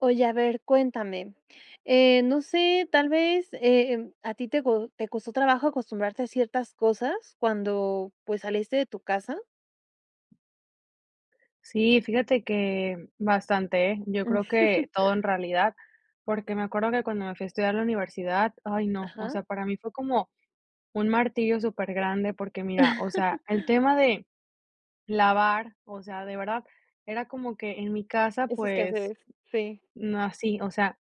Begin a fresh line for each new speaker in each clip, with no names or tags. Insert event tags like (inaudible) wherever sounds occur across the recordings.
Oye, a ver, cuéntame. Eh, no sé, tal vez, em, ¿a ti te co te costó trabajo acostumbrarte a ciertas cosas cuando, pues, saliste de tu casa?
Sí, fíjate que bastante, ¿eh? Yo
Mm.
creo que todo en
(chuckles)
realidad, porque, me acuerdo que cuando me fui a estudiar la universidad, ay no, o
Ajá.
sea, para mí fue como un martirio, súper grande, porque mira, o sea,
(chuckles)
el tema de lavar, o sea, de verdad, era como que en mi casa,
Esos
pues,
quehaceres, sí.
no hací o sea,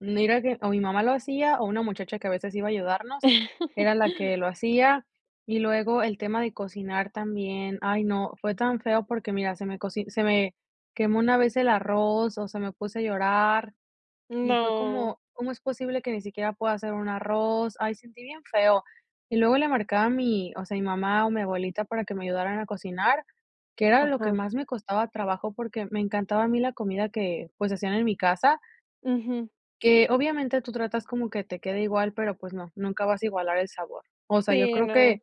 no era que o mi mamá lo hacía, o una muchacha que a veces iba a ayudarnos,
(chuckles)
era la que lo hacía, y luego el tema de cocinar también, ay no, fue tan feo porque mira, se me coci se me quemó una vez el arroz, o sea, me puse a llorar y fue
No.
como: "¿Cómo es posible que ni siquiera pueda hacer un arroz?". Ay, sentí bien feo. Y luego le marqué a mi o sea, mi mamá o mi abuelita para que me ayudaran a cocinar, que era lo que
Ajá.
más me costaba trabajo, porque, me encantaba a mí la comida que, pues, hacían en mi casa
Ujú.
que, obviamente, tú tratas como que te quede igual, pero, pues, no, nunca vas a igualar el sabor. O sea, yo
Sí,
creo que
no.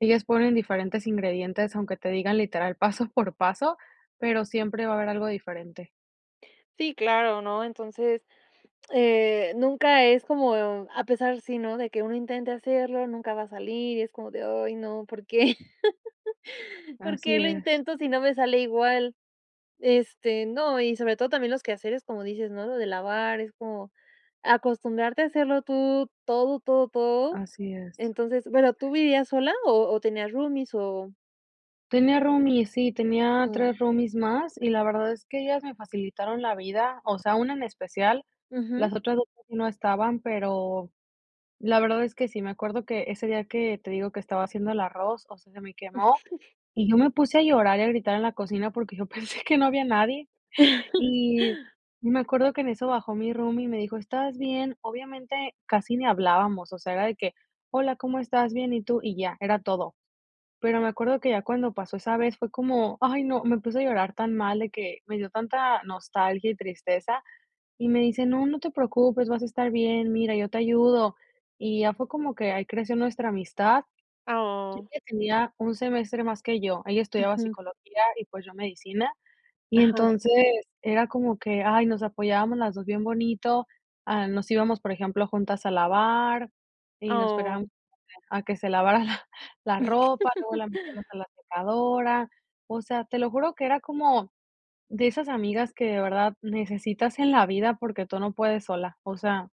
ellas ponen diferentes ingredientes, aunque te digan literal paso por paso, pero, siempre va a haber algo diferente.
Sí, claro, ¿no? Entonces, eh, nunca es como a pesar sí, ¿no? De que uno intente hacerlo, nunca va a salir, y es como de: "Ay no, ¿por qué? (laughs) ¿Por
Así
qué lo
es.
intento si no me sale igual?". Este no, y sobre todo también los quehaceres como dices, ¿no? Lo de lavar, es como acostumbrarte a hacerlo tú, todo, todo, todo.
Así es.
Entonces, bueno, ¿tú vivías sola, o o tenías roomies o?
Tenía roomies, sí, tenía
Mm.
3 roomies más, y la verdad es que ellas me facilitaron la vida. O sea, una en especial, las
Ujú.
otras 2 casi no estaban, pero la verdad es que sí. Me acuerdo que ese día que te digo que estaba haciendo el arroz, o sea, se me quemó,
(chuckles)
y yo me puse a llorar y a gritar en la cocina, porque yo pensé que no había nadie. Y
(chuckles)
me acuerdo que en eso bajó mi roomie, y me dijo: "¿Estás bien?" Obviamente, casi ni hablábamos, o sea, era de que: "Hola, ¿cómo estás? Bien, ¿y tú?". Y ya, era todo. Pero me acuerdo que ya cuando pasó esa vez fue como, ay no, me puse a llorar tan mal de que me dio tanta nostalgia y tristeza, y me dice: "No, no te preocupes, vas a estar bien, mira, yo te ayudo". Y ya fue como que ahí creció nuestra amistad.
Oh.
Ella tenía un semestre más que yo, ella estudiaba
Ujú.
psicología y, pues, yo medicina, y
Ajá.
entonces era como que, ay, nos apoyábamos las 2 bien bonito, ah, nos íbamos, por ejemplo, juntas a lavar, y nos esperábamos
Oh.
a que se lavara la la ropa, luego la metíamos
(laughs)
a la secadora. O sea, te lo juro que era como de esas amigas que de verdad necesitas en la vida porque tú no puedes sola. O sea,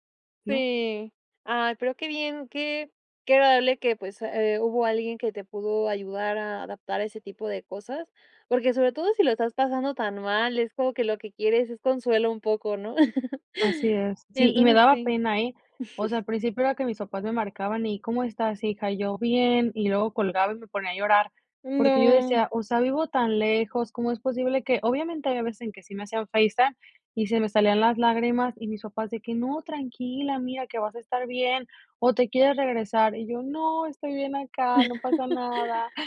¿no?
Sí. Ay, pero qué bien, que que agradable, eh, que, pues, hubo alguien que te pudo ayudar a adaptar a ese tipo de cosas, porque porque sobre todo si lo estás pasando tan mal, es como que lo que quieres es consuelo un poco, ¿no? (chuckles)
Así es. Sí, y me
Entonces
daba
sí
pena, eh, o sea,
(chuckles)
al principio era que mis papás me marcaban y: "¿Cómo estás, hija?" Y yo: "Bien", y luego colgaba y me ponía a llorar. Porque yo
No.
decía: "O sea, vivo tan lejos, ¿cómo es posible que?" Obviamente, hay veces en que sí me hacían FaceTime y se me salían las lágrimas, y mis papás de que: "No, tranquila, mira, que vas a estar bien, o te quieres regresar", y yo: "No, estoy bien acá, no pasa nada".
(chuckles)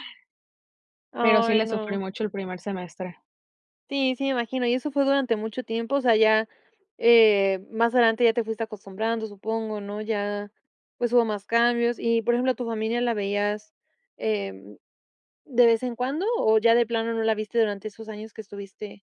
Pero sí
Ay
le sufrí
no.
mucho el primer semestre. (chuckles)
Sí, sí me imagino, y eso fue durante mucho tiempo, o sea ya, eh, más adelante ya te fuiste acostumbrando, supongo, ¿no? Ya pues, hubo más cambios y por ejemplo, ¿tu familia la veías, em, de vez en cuando, o ya de plano no la viste durante esos años que estuviste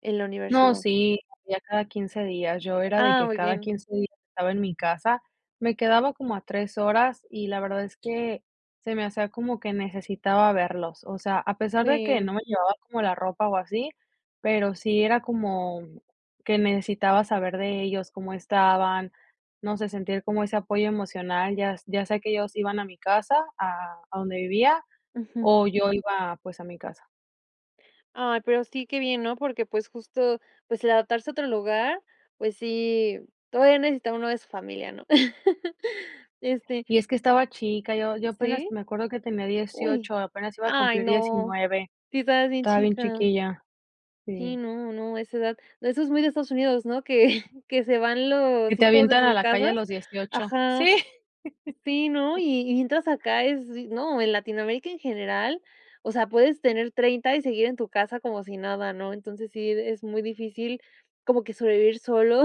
en la
No,
universidad?
sí, los veía cada 15 días, yo era de
Ah,
que
muy
cada
bien.
15 días estaba en mi casa, me quedaba como a 3 horas, y la verdad es que se me hacía como que necesitaba verlos, o sea, a pesar de que no
Sí.
me llevaba como la ropa o así, pero sí era como que necesitaba saber de ellos, cómo estaban, no sé, sentir como ese apoyo emocional. Ya s ya sea que ellos iban a mi casa, a a donde vivía,
Ujú.
o yo iba, pues, a mi casa.
Ay, pero, sí qué bien, ¿no? Porque pues, justo pues el adaptarse a otro lugar, pues sí, todavía necesita uno de su familia, ¿no? (laughs) Este
Y es que estaba chica, yo yo apenas,
¿Sí?
me acuerdo que tenía
Uy.
18, apenas iba a
Ay
cumplir
no,
19,
sí estabas bien
estaba bien
chica.
chiquilla,
Sí,
sí.
no, no, a esa edad. Eso es muy de Estados Unidos, ¿no? Que, que se van
Que
los
te
hijos de
avientan a
sus
la calle
casas.
a los 18.
Ajá.
Sí.
Sí, ¿no?
(laughs)
Y y mientras acá es, no, en Latinoamérica en general. O sea, puedes tener 30, y seguir en tu casa como si nada, ¿no? Entonces sí es muy difícil, como que sobrevivir solo,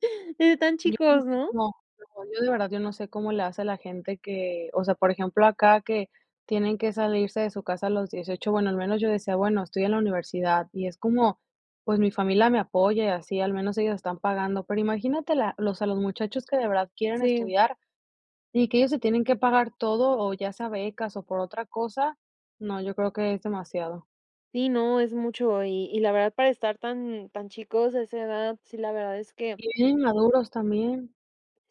(laughs) desde tan
Yo no
chicos,
sé
¿no?
cómo, no, yo de verdad yo no sé cómo le hace a la gente que, o sea, por ejemplo, acá, que tienen que salirse de su casa los 18. Bueno, al menos yo decía: "Bueno, estoy en la universidad. Y es como, pues, mi familia me apoya y así, al menos ellos están pagando", pero, imagínate la o sea, los muchachos que de verdad quieren
Sí.
estudiar, y que ellos se tienen que pagar todo, o ya sea becas o por otra cosa. No, yo creo que es demasiado.
Sí, no, es mucho. Y y la verdad para estar tan tan chicos a esa edad, sí, la verdad es que
Y bien maduros también.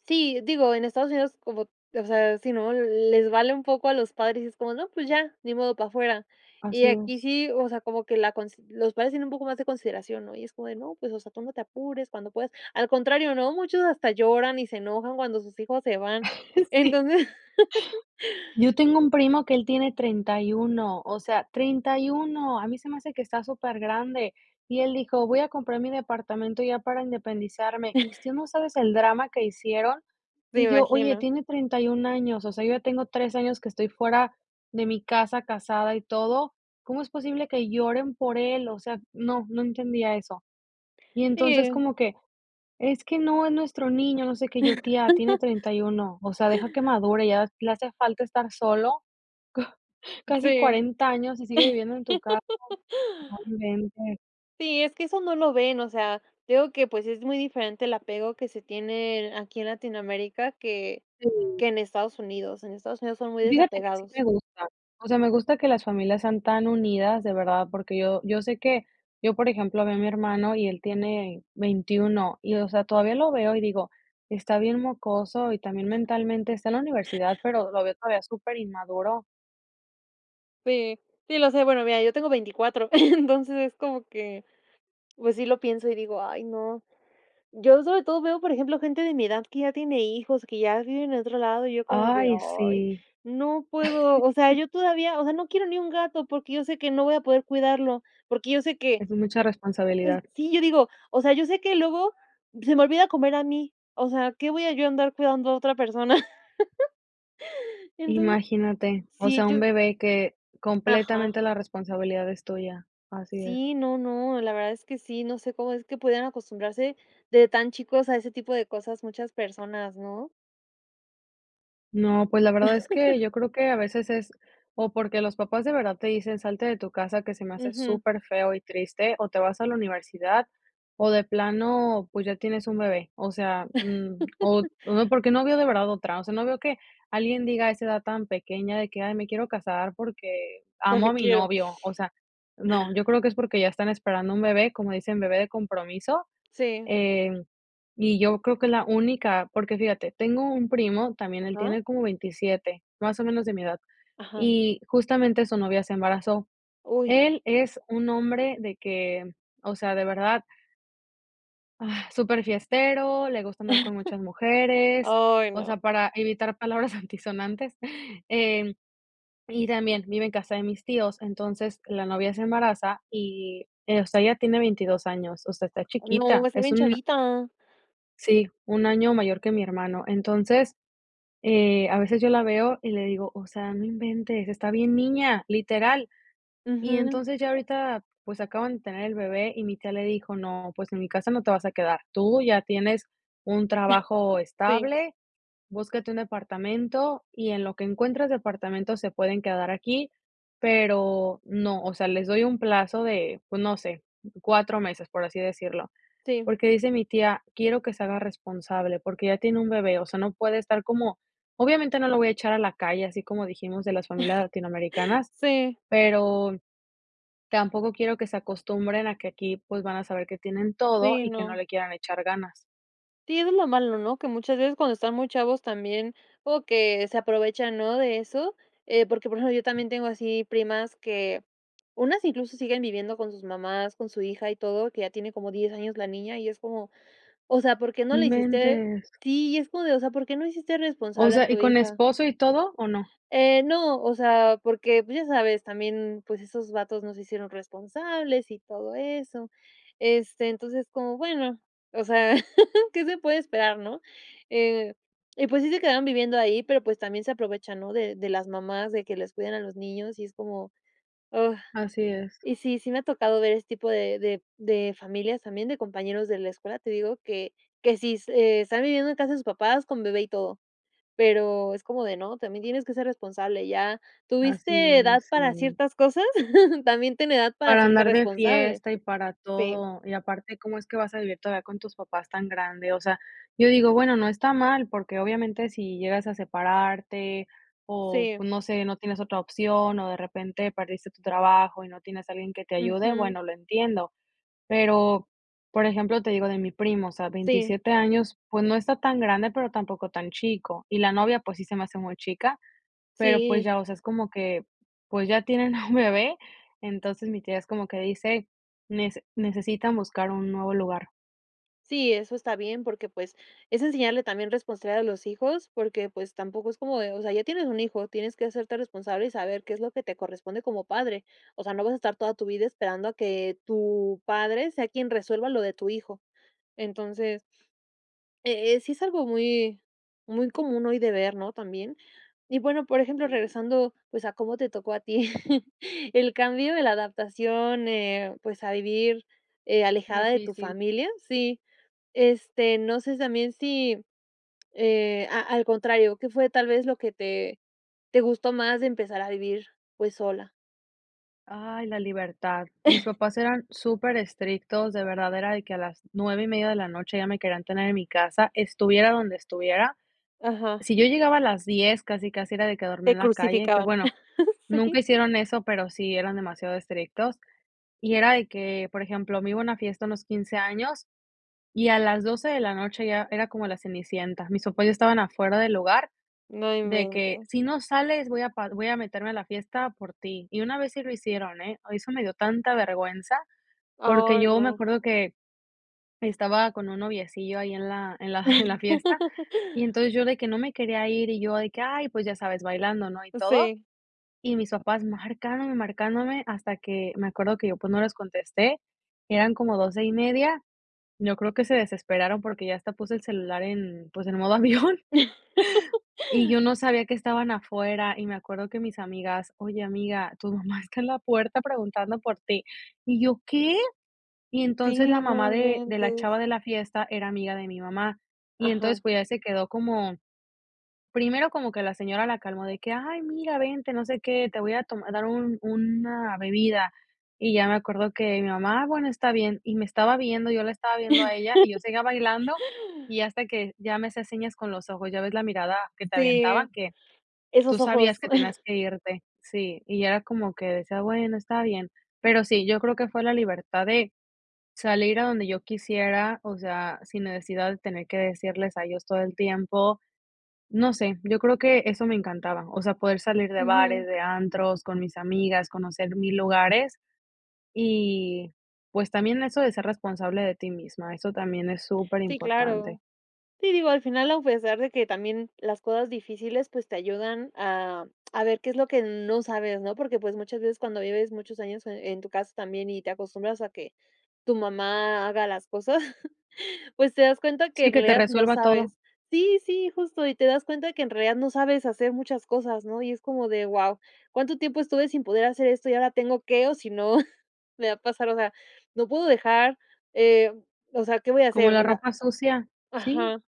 Sí, digo en Estados Unidos como o sea, sí, ¿no? Les vale un poco a los padres, es como, no, pues, ya ni modo para afuera. Y
Así
aquí
es.
sí, o sea, como que la cons los padres tienen un poco más de consideración, ¿no? Y es como de: "No, pues, o sea, tú no te apures cuando puedas", al contrario, ¿no? Muchos hasta lloran y se enojan cuando sus hijos se van.
Sí.
Entonces (laughs)
Yo tengo un primo que él tiene 31. O sea, 31, a mí se me hace que está súper grande. Y él dijo: "Voy a comprar mi departamento ya para independizarme". Mis
(chuckles)
tios, ¿no sabes el drama que hicieron?
Me
Y yo, oye,
imagino.
tiene 31 años. O sea, yo ya tengo 3 años que estoy fuera de mi casa casada y todo. ¿Cómo es posible que lloren por él? O sea, no no entendía eso. Y entonces,
Sí.
como que: "Es que no, es nuestro niño, no sé qué". Yo, tía: "Tiene
(chuckles)
31". O sea, deja que madure, ya le hace falta estar solo. Co casi
Sí.
40 años y sigue viviendo en tu casa, no
(laughs)
inventes.
Sí, es que eso no lo ven. O sea, te digo que, pues, es muy diferente el apego que se tienen aquí en Latinoamérica que
Sí.
que en Estados Unidos. En Estados Unidos son muy
Y fíjate que sí
desapegados.
me gusta. O sea, me gusta que las familias sean tan unidas, de verdad, porque yo yo sé que yo, por ejemplo, veo a mi hermano, y él tiene 21. Y, o sea, todavía lo veo, y digo: "Está bien mocoso", y también mentalmente está en la universidad, pero lo veo todavía súper inmaduro.
Sí, sí, lo sé. Bueno, mira, yo tengo 24, entonces es como que, pues, sí lo pienso, y digo: "Ay no". Yo sobre todo veo por ejemplo gente de mi edad que ya tiene hijos, que ya viven en otro lado, y yo como de:
Ay,
"Ay
sí.
no puedo". O sea yo todavía o sea,
(laughs)
no quiero ni un gato, porque yo sé que no voy a poder cuidarlo. Porque yo sé que
Es mucha
es
responsabilidad.
sí, yo digo: "O sea, yo sé que luego se me olvida comer a mí", o sea, ¿qué voy a yo andar cuidando a otra persona? (laughs) Entonces,
Imagínate. O
sí,
sea, un
yo
bebé que
Ajá.
completamente la responsabilidad es tuya. Así es.
Sí, no, no, la verdad es que sí, no sé cómo es que pudieran acostumbrarse de tan chicos a ese tipo de cosas muchas personas, ¿no?
No, pues, la verdad es que
(laughs)
yo creo que a veces es, o porque los papás de verdad te dicen salte de tu casa, que se me hace
Ujú.
súper feo y triste, o te vas a la universidad, o de plano, pues, ya tienes un bebé, o sea, mm, o
(laughs)
no, porque, no veo de verdad otra. O sea, no veo que alguien diga a esa edad tan pequeña, de que: "Ay, me quiero casar, porque, amo a
Porque
mi
quiero.
novio", o sea, no, yo creo que es porque ya están esperando un bebé, como dicen bebé de compromiso,
Sí.
eh, y yo creo que la única, porque fíjate, tengo un primo también, él
Ajá.
tiene como 27, más o menos de mi edad,
Ajá.
y justamente su novia se embarazó.
Uy.
Él es un hombre de que, o sea, de verdad. Agh, súper fiestero, le gusta andar con muchas
(chuckles)
mujeres,
Ay,
o sea,
no.
para evitar palabras antisonantes, eh, y también vive en casa de mis tíos, entonces, la novia se embaraza y, eh, o sea, ella tiene 22 años, o sea, está
No, va a
chiquita,
estar
es
bien
un a
chavita.
Sí, un año mayor que mi hermano. Entonces, eh, a veces yo la veo, y le digo: "O sea, no inventes, está bien niña", literal. Y
Ujú.
entonces, ya ahorita, pues, acaban de tener el bebé y mi tía le dijo: "No, pues, en mi casa no te vas a quedar. Tú ya tienes un trabajo
(chuckles) Sí.
estable, búscate un departamento, y en lo que encuentras departamento se pueden quedar aquí, pero no, o sea, les doy un plazo de, pues no sé, 4 meses", por así decirlo,
Sí.
Porque, dice mi tía, quiero que se haga responsable, porque, ya tiene un bebé, o sea, no puede estar como, obviamente, no lo voy a echar a la calle, así como dijimos de las familias
(chuckles)
latinoamericanas,
Sí.
pero, tampoco quiero que se acostumbren a que aquí, pues, van a saber que tienen todo
Sí,
y que no
no.
le quieran echar ganas.
Sí, eso es lo malo, ¿no? Que muchas veces cuando están muy chavos también o que se aprovechan, ¿no? De eso. Eh, porque por eso yo también tengo así primas que unas incluso siguen viviendo con sus mamás, con su hija y todo, que ya tiene como 10 años la niña y es como, o sea, ¿por qué no
No
la hiciste?
inventes.
Sí, y es como de, o sea, ¿por qué no hiciste
O
responsable a
sea, ¿y
tu
con
hija?
esposo y todo? ¿O no?
Eh, no, o sea, porque, pues, ya sabes, también, pues, esos vatos no se hicieron responsables y todo eso. Este, entonces, como bueno, o sea, (laughs) qué se puede esperar ¿no? Eh, y pues sí se quedaron viviendo ahí, pero pues también se aprovechan ¿no? De de las mamás, de que les cuiden a los niños y es como, ah,
Así es.
y sí sí me ha tocado ver este tipo de de de familias también de compañeros de la escuela te digo que que sí est están viviendo en casa sus papás con bebé y todo pero es como de no también tienes que ser responsable ya.
Así
¿Tuviste edad
es,
para
sí.
ciertas cosas? (chuckles) También tienes edad para
Para
hacerte
andar de
responsable.
fiesta y para
Sí.
todo, y aparte cómo es que vas a vivir todavía con tus papás tan grande. O sea, yo digo, bueno, no está mal, porque, obviamente, si llegas a separarte o,
Sí.
pues, no sé, no tienes otra opción, o de repente perdiste tu trabajo y no tienes alguien que te ayude,
Ujú.
bueno, lo entiendo. Pero, por ejemplo, te digo de mi primo, o sea,
Sí.
27 años, pues, no está tan grande, pero tampoco tan chico, y la novia, pues, sí se me hace muy chica, pero, pues,
Sí.
ya, o sea, es como que, pues, ya tienen a (chuckles) un bebé, entonces, mi tía es como que dice: "Nece necesitan buscar un nuevo lugar."
Sí eso está bien porque pues es enseñarle también responsabilidad a los hijos porque pues tampoco es como de o sea, ya tienes un hijo tienes que hacerte responsable y saber qué es lo que te corresponde como padre, o sea, no vas a estar toda tu vida esperando a que tu padre, sea quien resuelva lo de tu hijo. Entonces, eh, eh, sí es algo muy muy común hoy de ver, ¿no?, también. Y bueno, por ejemplo,
Sí.
regresando pues, a cómo te tocó a ti (chuckles) el cambio de la adaptación, eh, pues, a vivir eh, alejada de tu
Díficil.
familia, sí. Este, no sé, sí también si, eh, a al contrario, ¿qué fue tal vez lo que te te gustó más de empezar a vivir, pues, sola?
Ay, la libertad. Mis
(laughs)
papás eran super estrictos, de verdad era de que a las 9 y media de la noche ya me querían tener en mi casa, estuviera donde estuviera.
Ajá.
Si yo llegaba a las 10, casi, casi era de que dormía
Te
en la calle, que
crucificaban.
bueno, nunca
Sí.
hicieron eso, pero sí eran demasiado estrictos, y era de que, por ejemplo, me iba a una fiesta a unos 15 años y a las 12 de la noche ya era como la Cenicienta. Mis papás estaban afuera del lugar
No
de que:
inventes.
"Si no sales voy a pa voy a meterme a la fiesta por ti". Y una vez sí lo hicieron, ¿eh? Ay eso me dio tanta vergüenza
Oh,
porque yo me
no.
acuerdo que, estaba con un noviecillo ahí en la en la en la fiesta, y
(laughs)
entonces yo de que no me quería ir, y yo de que, ay pues ya sabes bailando, ¿no? y todo,
Sí.
y mis papás marcándome y marcándome hasta que me acuerdo que yo pues no les contesté, eran como 12 y media, yo creo que se desesperaron porque ya hasta puse el celular en, pues, en modo avión, y yo
(laughs)
no sabía que estaban afuera, y me acuerdo que mis amigas: "Oye amiga, tu mamá está en la puerta preguntando por ti", y yo: "¿Qué?" Y entonces la
Sí, no
mamá de de la
inventes.
chava de la fiesta, era amiga de mi mamá, y entonces
Ajá.
pues ya se quedó como, primero como que la señora la calmó de que: "Ay mira vente, no sé qué, te voy a tom a dar un una bebida". Y ya me acuerdo que mi mamá: "Ah, bueno, está bien", y me estaba viendo, yo la estaba viendo a ella, y yo seguía bailando,
(laughs)
y hasta que ya me hacía señas con los ojos, ya ves la mirada que te
Sí,
aventaba, que tú
esos ojos.
sabías que tenías
(laughs)
que irte. Sí, y era como que decía, bueno, está bien. Pero sí, yo creo que fue la libertad de salir a donde yo quisiera, o sea, sin necesidad de tener que decirles a ellos todo el tiempo, no sé, yo creo que eso me encantaba. O sea, poder salir de bares,
Ujú.
de antros con mis amigas, conocer mil lugares y, pues, también eso de ser responsable de ti misma. Eso también es
Sí,
superimportante.
claro. Sí, digo, al final a pesar de que también las cosas difíciles pues te ayudan a a ver qué es lo que no sabes ¿no? Porque pues muchas veces cuando vives muchos años e en tu casa también y te acostumbras a que tu mamá haga las cosas, (laughs) pues te das cuenta que
Sí,
en
que te
realidad no
resuelva todo.
sabes. Sí, sí justo y te das cuenta que en realidad no sabes hacer muchas cosas, ¿no? Y es como de: Wao, ¿cuánto tiempo estuve sin poder hacer esto? Y ahora tengo qué. O si no me va a pasar, o sea, no puedo dejar, eh, o sea, ¿qué voy a
Como
hacer,
la
o sea?"
ropa sucia, sí,
Ajá.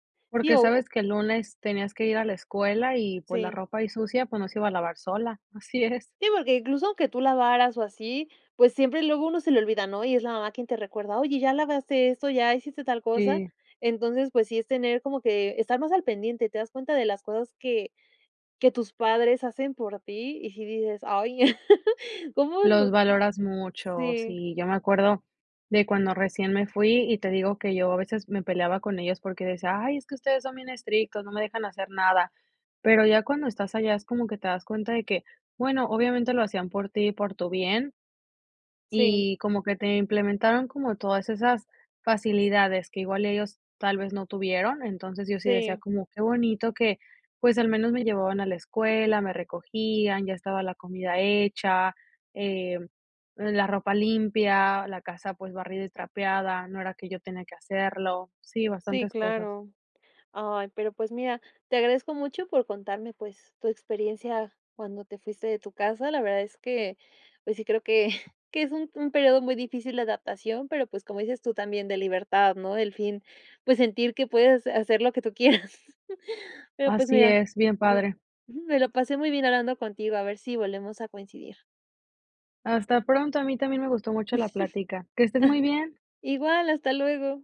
Sí,
porque
o
sabes que el lunes tenías que ir a la escuela, y pues, la
Sí.
ropa ahí sucia, pues, no se iba a lavar sola. Así es.
Sí porque incluso aunque tú lavaras o así, pues siempre luego uno se le olvida ¿no? Y es la mamá quien te recuerda oye ya lavaste esto, ya hiciste tal cosa.
Sí.
Entonces, pues sí, es tener como, que estar más al pendiente, te das cuenta de las cosas que que tus padres hacen por ti. Y si dices, ay, (laughs) cómo
Los
no
valoras muchos,
Sí.
sí. Yo me acuerdo de cuando recién me fui, y te digo que yo a veces me peleaba con ellos porque decía: "Ay, es que ustedes son bien estrictos, no me dejan hacer nada". Pero ya cuando estás allá es como que te das cuenta de que, bueno, obviamente lo hacían por ti y por tu bien.
Sí.
Y como que te implementaron, como todas esas facilidades que igual ellos tal vez no tuvieron. Entonces, yo sí decía
Sí.
como: "Qué bonito que, pues al menos me llevaban a la escuela, me recogían, ya estaba la comida hecha, eh, la ropa limpia, la casa, pues, barrida y trapeada", no era que yo tenía que hacerlo. Sí,
Sí,
bastantes cosas.
claro. Ay, pero, pues, mira, te agradezco mucho por contarme, pues, tu experiencia cuando te fuiste de tu casa. La verdad es que pues sí creo que que es un un periodo muy difícil de adaptación, pero pues, como dices tú también de libertad, ¿no? El fin pues sentir que puedes hacer lo que tú quieras. (laughs) Pero pues
Así
mira,
es, bien
me
padre.
ujú, me lo pasé muy bien hablando contigo, a ver si volvemos a coincidir.
Hasta pronto, a mí también me gustó mucho la plática. Que estés muy bien.
(laughs) Igual, hasta luego.